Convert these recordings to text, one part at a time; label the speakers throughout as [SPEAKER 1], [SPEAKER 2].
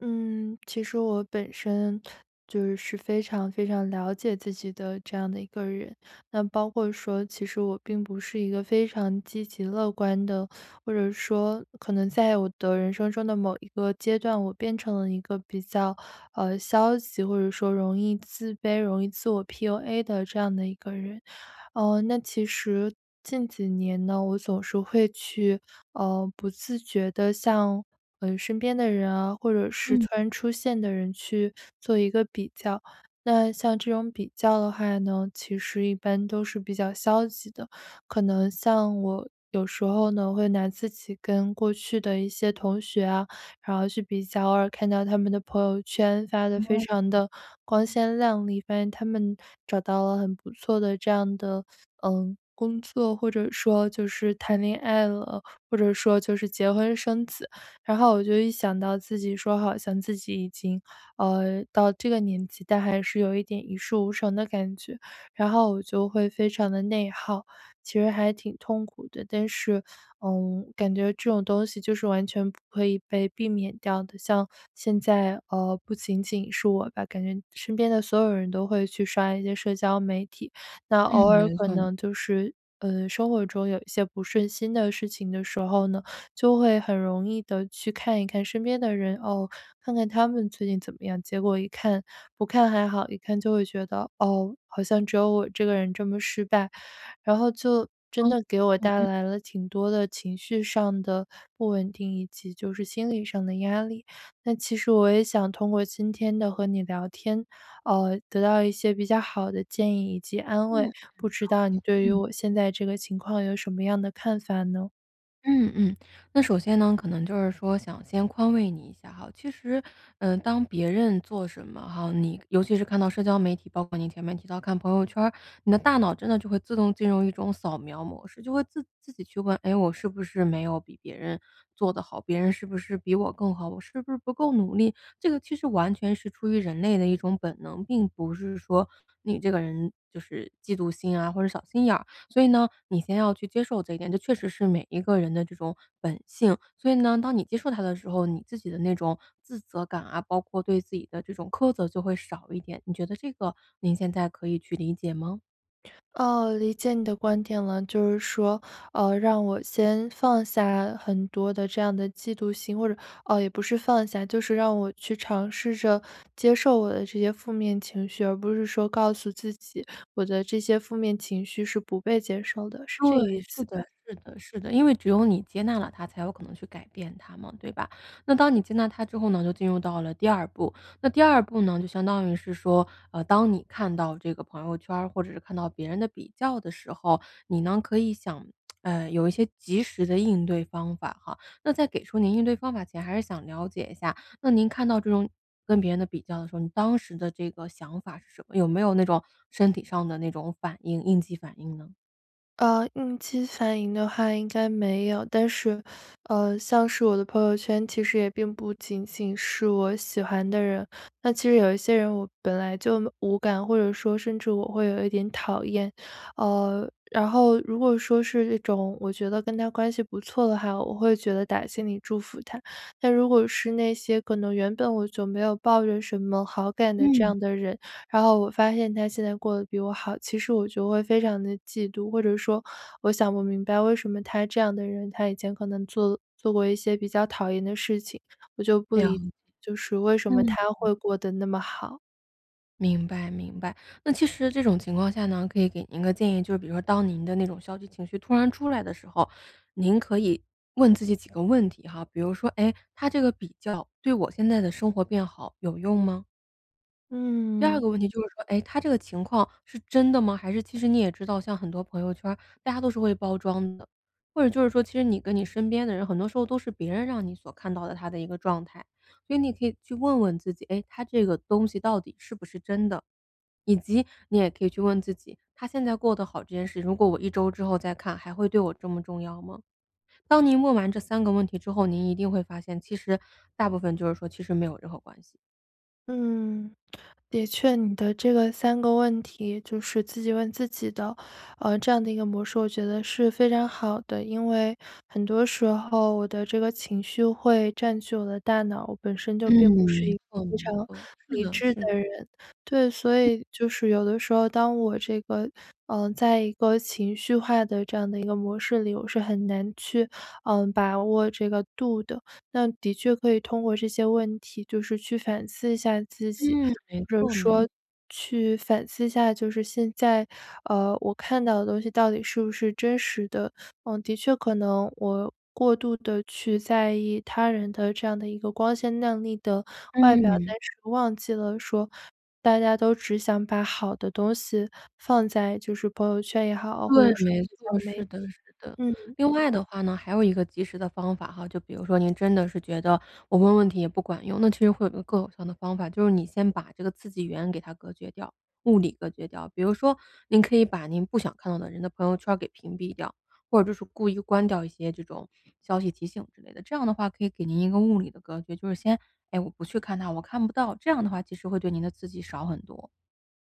[SPEAKER 1] 嗯，其实我本身，就是非常非常了解自己的，这样的一个人。那包括说，其实我并不是一个非常积极乐观的，或者说可能在我的人生中的某一个阶段，我变成了一个比较，呃，消极，或者说容易自卑、容易自我 PUA 的这样的一个人。呃，那其实近几年呢，我总是会去，呃，不自觉地向，呃，身边的人啊，或者是突
[SPEAKER 2] 嗯。
[SPEAKER 1] 然出现的人，去做一个比较。那像这种比较的话呢，其实一般都是比较消极的。可能像我，有时候呢，会拿自己跟过去的一些同学啊，然后去比较，偶尔看到他们的朋友圈发的，非
[SPEAKER 2] 哦，
[SPEAKER 1] 常的光
[SPEAKER 2] 嗯。
[SPEAKER 1] 鲜亮丽，发现他们找到了很不错的这样的，呃，工作，或者说就是谈恋爱了，或者说就是结婚生子。然后我就一想到自己说好像自己已经，呃，到这个年纪，但还是有一点一事无成的感觉，然后我就会非常的内耗。其实还挺痛苦的。但是，嗯，感觉这种东西就是完全不可以被避免掉的。像现在，呃，不仅仅是我吧，感觉身边的所有人都会去刷一些社交媒体。那
[SPEAKER 2] 嗯，
[SPEAKER 1] 偶尔
[SPEAKER 2] 没
[SPEAKER 1] 可
[SPEAKER 2] 错。
[SPEAKER 1] 能就是，呃，生活中有一些不顺心的事情的时候呢，就会很容易的去看一看身边的人，哦，看看他们最近怎么样。结果一看不看还好，一看就会觉得：“哦，好像只有我这个人这么失败。”然后就真
[SPEAKER 2] 嗯，
[SPEAKER 1] 的给我
[SPEAKER 2] 嗯
[SPEAKER 1] 带
[SPEAKER 2] 嗯。
[SPEAKER 1] 来了，挺多的情绪上的不稳定，以及就是心理上的压力。那其实我也想通过今天的和你聊天，呃，得到一些比较好的建议以及安慰，
[SPEAKER 2] 嗯，
[SPEAKER 1] 不知道你
[SPEAKER 2] 呃，
[SPEAKER 1] 对于
[SPEAKER 2] 嗯。
[SPEAKER 1] 我现在这个情况，有什么样的看法呢？
[SPEAKER 2] 嗯嗯，那首先呢，可能就是说想先宽慰你一下哈，其实嗯当别人做什么哈，你尤其是看到社交媒体，包括您前面提到看朋友圈儿，你的大脑真的就会自动进入一种扫描模式，就会自自己去问：“诶我是不是没有比别人做得好？别人是不是比我更好？我是不是不够努力？”这个其实完全是出于人类的一种本能，并不是说你这个人就是嫉妒心啊或者小心眼儿，所以呢，你先要去接受这一点，这确实是每一个人的这种本性，所以呢，当你接受它的时候，你自己的那种自责感啊，包括对自己的这种苛责就会少一点，你觉得这个，您现在可以去理解吗？
[SPEAKER 1] 哦，理解你的观点了，就是说，呃让我先放下很多的这样的嫉妒心或者，呃，也不是放下，就是让我去尝试着接受我的这些负面情绪，而不是说告诉自己，我的这些负面情绪是不被接受的，是这个
[SPEAKER 2] 对，
[SPEAKER 1] 意
[SPEAKER 2] 是
[SPEAKER 1] 思
[SPEAKER 2] 的
[SPEAKER 1] 吧？
[SPEAKER 2] 是的是的，因为只有你接纳了它才有可能去改变它嘛，对吧？那当你接纳它之后呢，就进入到了第2步，那第2步呢就相当于是说，啊当你看到这个朋友圈儿或者是看到别人的比较的时候，你呢，可以想 呃有一些及时的应对方法哈，那在给出您应对方法前还是想了解一下，那您看到这种跟别人的比较的时候，你当时的这个想法是什么？有没有那种身体上的那种反应应激反应呢？
[SPEAKER 1] 呃，应激反应的话应该没有，但是，呃，像是我的朋友圈其实也并不仅仅是我喜欢的人，那其实有一些人我本来就木无感，或者说甚至我会有一点讨厌。呃，然后如果说是这种我觉得跟他关系不错的话，我会觉得打心里祝福他。但如果是那些可能原本我就没有抱着什么好感的这
[SPEAKER 2] 嗯。
[SPEAKER 1] 样的人，然后我发现他现在过得比我好，其实我就会非常地嫉妒，或者说我想不明白为什么他这样的人他以前可能做了做过一些比较讨厌的事情，我就不
[SPEAKER 2] 了
[SPEAKER 1] 理解
[SPEAKER 2] 解，
[SPEAKER 1] 就是为什么
[SPEAKER 2] 嗯
[SPEAKER 1] 他
[SPEAKER 2] 嗯。
[SPEAKER 1] 会过得那么好？
[SPEAKER 2] 明白明白。那其实这种情况下呢，可以给您个建议，就是比如说当您的那种消极情绪突然出来的时候，您可以问自己几个问题哈，比如说：“诶，它这个比较，对我现在的生活变好，有用吗？”第二
[SPEAKER 1] 嗯。
[SPEAKER 2] 个问题就是说：“诶，他这个情况是真的吗？”还是其实你也知道，像很多朋友圈儿，大家都是会包装的，或者就是说，其实你跟你身边的人很多时候都是别人让你所看到的他的一个状态。所以你可以去问问自己：“诶，他这个东西到底是不是真的？”以及你也可以去问问自己：“他现在过得好这件事，如果我1周之后再看，还会对我这么重要吗？”当您问完这3个问题之后，您一定会发现，其实大部分就是说其实没有任何关系。
[SPEAKER 1] 嗯，的确，你的这个3个问题就是自己问自己的，呃，这样的一个模式，我觉得是非常好的。因为很多时候，我的这个情绪会占据我的大脑，我本身就
[SPEAKER 2] 嗯，
[SPEAKER 1] 并不是
[SPEAKER 2] 没
[SPEAKER 1] 一个
[SPEAKER 2] 错
[SPEAKER 1] 非
[SPEAKER 2] 没
[SPEAKER 1] 常
[SPEAKER 2] 错，是
[SPEAKER 1] 理
[SPEAKER 2] 的
[SPEAKER 1] 智
[SPEAKER 2] 是的。
[SPEAKER 1] 的人。对，所
[SPEAKER 2] 嗯。
[SPEAKER 1] 以就是有的时候，当我这个，呃，在一个情绪化的，这样的一个模式里，我是很难去，呃，把握这个度的。那的确可以通过这些问题就是去反思一下自己，
[SPEAKER 2] 嗯，没
[SPEAKER 1] 或者
[SPEAKER 2] 错没错。
[SPEAKER 1] 说去反思一下就是现在，呃，我看到的东西到底是不是真实的。嗯，的确可能，我过度的去在意，他人的这样的一个光鲜亮丽的外表，
[SPEAKER 2] 嗯。
[SPEAKER 1] 但是忘记了，说，大家都只想把好的东西放在就是朋友圈也好，或
[SPEAKER 2] 对，
[SPEAKER 1] 者说
[SPEAKER 2] 没
[SPEAKER 1] 社交
[SPEAKER 2] 错，
[SPEAKER 1] 媒
[SPEAKER 2] 是
[SPEAKER 1] 体，
[SPEAKER 2] 的是的。
[SPEAKER 1] 嗯。
[SPEAKER 2] 另外的话呢，还有一个及时的方法哈，就比如说您真的是觉得，我问问题也不管用。那其实会有一个更有效的方法，就是你先把这个刺激源，给它隔绝掉物理隔绝掉。比如说，您可以把您不想看到的人的朋友圈儿给屏蔽掉，或者就是故意关掉一些这种，消息提醒之类的，这样的话可以给您一个物理的隔绝。就是先诶，我不去看它，我看不到，这样的话其实会对您的刺激少很多。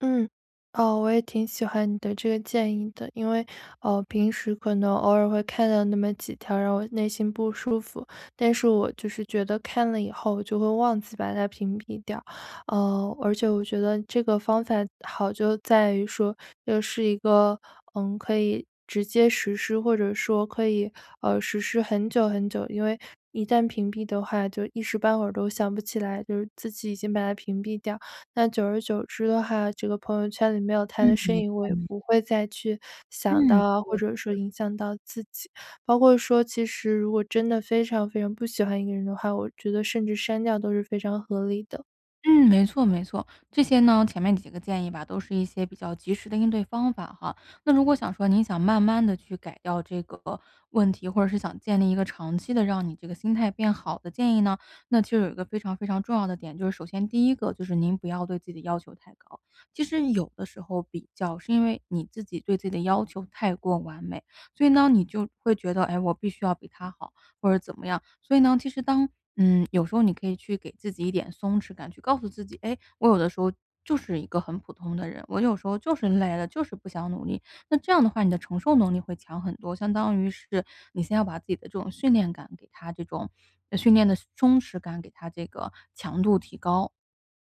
[SPEAKER 1] 嗯，哦，我也挺喜欢你的这个建议的。因为，呃，平时可能偶尔会看到那么几条，让我内心不舒服。但是我就是觉得，看了以后我就会忘记，把它屏蔽掉。呃，而且我觉得这个方法好就在于说，又是一个，嗯，可以直接实施或者说可以，呃，实施很久很久。因为一旦屏蔽的话，就一时半会儿都想不起来，就是自己已经把他屏蔽掉。那久而久之的话，这个朋友圈里没有他的
[SPEAKER 2] 嗯。
[SPEAKER 1] 身
[SPEAKER 2] 没
[SPEAKER 1] 影，我
[SPEAKER 2] 错
[SPEAKER 1] 也
[SPEAKER 2] 没错。
[SPEAKER 1] 不会再去想到
[SPEAKER 2] 嗯，
[SPEAKER 1] 啊
[SPEAKER 2] 对
[SPEAKER 1] 或者说
[SPEAKER 2] 对。
[SPEAKER 1] 影响到自己。包括说其实，如果真的非常非常不喜欢一个人的话，我觉得甚至删掉，都是非常合理的。
[SPEAKER 2] 嗯，没错没错，这些呢前面几个建议吧，都是一些比较及时的应对方法哈。那如果想说，您想慢慢地去改掉这个问题，或者是想建立一个长期的让你这个心态变好的建议呢，那就有一个非常非常重要的点就是首先第一个，就是您不要对自己的要求太高。其实有的时候比较，是因为你自己对自己的要求太过完美，所以呢，你就会觉得“哎，我必须要比他好，”或者怎么样。所以呢，其实当，嗯有时候你可以去给自己一点松弛感，去告诉自己：“哎，我有的时候，就是一个很普通的人，我有时候就是累了，就是不想努力。”那这样的话你的承受能力会强很多，相当于是，你先要把自己的这种训练感，给他这种训练的松弛感，给它这个强度提高。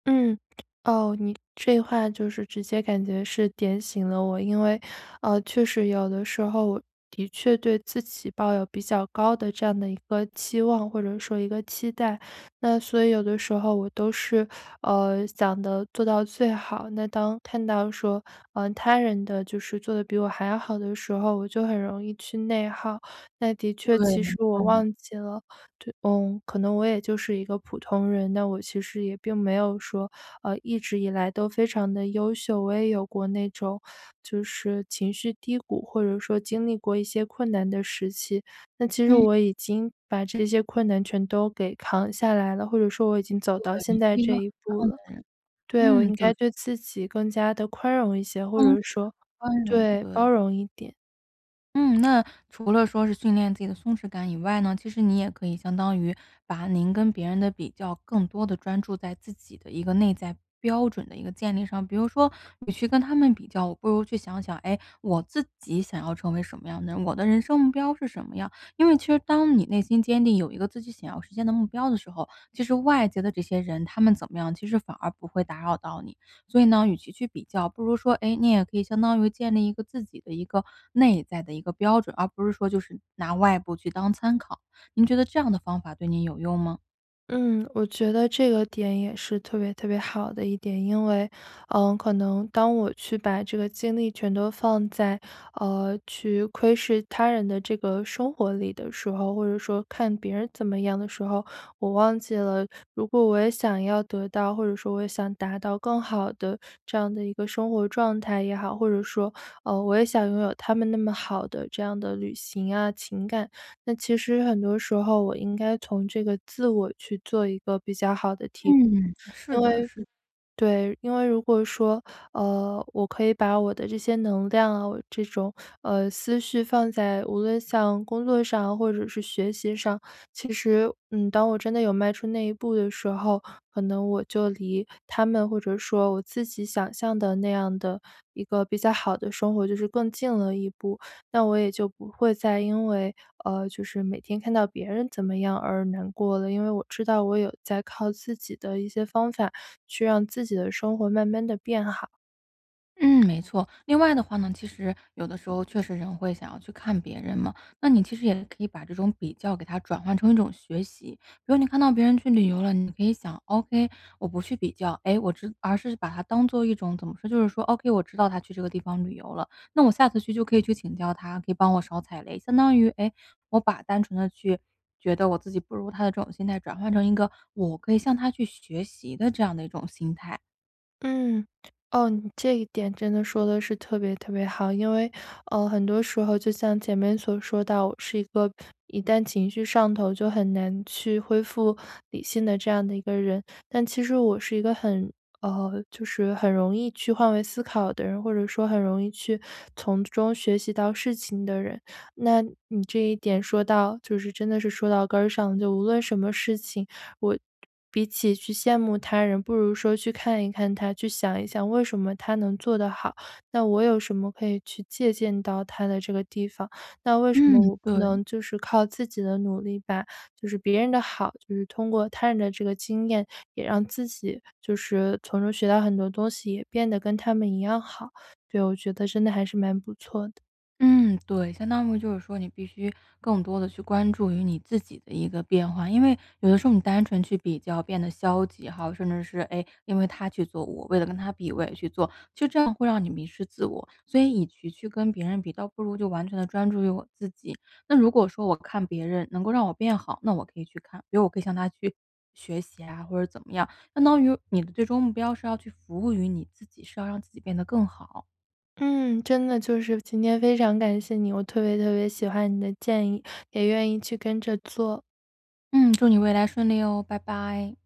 [SPEAKER 1] 嗯，哦，你这话就是直接感觉是点醒了我。因为，呃，确实有的时候，我的确对自己抱有比较高的这样的一个期望或者说一个期待。那所以有的时候我都是，呃，想得做到最好那当看到说，嗯，他人的就是做得比我还要好的时候，我就很容易去内耗。那的确
[SPEAKER 2] 对，
[SPEAKER 1] 其
[SPEAKER 2] 没
[SPEAKER 1] 实我
[SPEAKER 2] 错。
[SPEAKER 1] 忘记了，对嗯，可能我也就是一个普通人。但我其实也并没有说，呃，一直以来都非常的优秀，我也有过那种就是情绪低谷，或者说经历过一些困难的时期。那其实
[SPEAKER 2] 嗯。
[SPEAKER 1] 我已经把这些困难全都给扛下来了，或者说我已经走
[SPEAKER 2] 对，
[SPEAKER 1] 到
[SPEAKER 2] 你
[SPEAKER 1] 现
[SPEAKER 2] 是
[SPEAKER 1] 在
[SPEAKER 2] 一个
[SPEAKER 1] 这
[SPEAKER 2] 很
[SPEAKER 1] 一步
[SPEAKER 2] 棒
[SPEAKER 1] 了。
[SPEAKER 2] 的人，
[SPEAKER 1] 对，我
[SPEAKER 2] 嗯，
[SPEAKER 1] 应
[SPEAKER 2] 对。
[SPEAKER 1] 该对自己更加地宽容一些，或
[SPEAKER 2] 松弛，
[SPEAKER 1] 者说
[SPEAKER 2] 宽容，
[SPEAKER 1] 对，
[SPEAKER 2] 对。
[SPEAKER 1] 包容一点。
[SPEAKER 2] 嗯，那除了说是，训练自己的松弛感以外呢，其实你也可以相当于把您跟别人的比较，更多的专注在自己的一个内在标准的一个建立上。比如说，你去跟他们比较，不如去想想：“诶？我自己想要成为什么样的人？我的人生目标是什么样？“因为其实当你内心坚定，有一个自己想要实现的目标的时候，其实外界的这些人他们怎么样，其实反而不会打扰到你。所以呢，与其去比较，不如说，哎，你也可以相当于，建立一个自己的一个，内在的一个标准，而不是说就是拿外部去当参考。您觉得这样的方法对您有用吗？
[SPEAKER 1] 嗯，我觉得这个点也是特别特别好的一点，因为，呃，可能当我去把这个精力全都放在，呃，去窥视他人的这个生活里的时候，或者说看别人怎么样的时候，我忘记了，如果我也想要得到，或者说我也想达到更好的这样的一个生活状态也好，或者说，呃，我也想拥有他们那么好的这样的旅行啊情感。那其实很多时候我应该从这个自我去做一个比较好的提
[SPEAKER 2] 嗯，是
[SPEAKER 1] 因
[SPEAKER 2] 的，
[SPEAKER 1] 为
[SPEAKER 2] 是。
[SPEAKER 1] 对，因为如果说，呃，我可以把我的这些能量啊，这种，呃，思绪放在无论像工作上或者是学习上，其实，嗯，当我真的有迈出那一步的时候，可能我就离他们或者说我自己想象的那样的一个比较好的生活，就是更近了一步。那我也就不会再因为就是，呃，每天看到别人怎么样而难过了。因为我知道我有在靠自己的一些方法，去让自己的生活慢慢地变好。
[SPEAKER 2] 嗯，没错。另外的话呢，其实有的时候确实人会想要去看别人嘛，那你其实也可以把这种比较给它转换成一种学习。如果你看到别人去旅游了，你可以想：“ok，我不去比较，诶，我直”而是把它当作一种怎么说，就是说：“ok，我知道他去这个地方旅游了，那我下次去就可以去请教他，可以帮我少踩雷。”相当于，诶，我把单纯地去觉得我自己不如他的这种心态，转换成一个我可以向他去学习的这样的一种心态。
[SPEAKER 1] 嗯，哦，你这一点真的说得是特别特别好。因为，呃，很多时候就像前面所说到，我是一个一旦情绪上头就很难去恢复理性的这样的一个人。但其实我是一个很，呃，就是很容易去换位思考的人，或者说很容易去从中学习到事情的人。那你这一点说到就是真的是说到根儿上。就无论什么事情，我比起去羡慕他人，不如说去看一看他、去想一想为什么他能做得好，那我有什么可以去借鉴到他的这个地方？那为什么
[SPEAKER 2] 嗯，
[SPEAKER 1] 我不
[SPEAKER 2] 对。
[SPEAKER 1] 能就是靠自己的努力，把就是别人的好，就是通过他人的这个经验，也让自己就是从中学到很多东西，也变得跟他们一样好。对，我觉得真的还是蛮不错的。
[SPEAKER 2] 嗯，对。相当于就是说，你必须更多地去关注于你自己的一个变化。因为有的时候你单纯去比较变得消极哈，甚至是，诶，因为他去做，我为了跟他比，我也去做，就这样会让你迷失自我。所以与其去跟别人比，倒不如就完全地专注于我自己。那如果说我看别人能够让我变好，那我可以去看，比如我可以向他去学习啊，或者怎么样。相当于你的最终目标是要去服务于你自己，是要让自己变得更好。
[SPEAKER 1] 嗯，真的就是今天非常感谢你，我特别特别喜欢你的建议，也愿意去跟着做。
[SPEAKER 2] 嗯，祝你未来顺利哦，拜拜。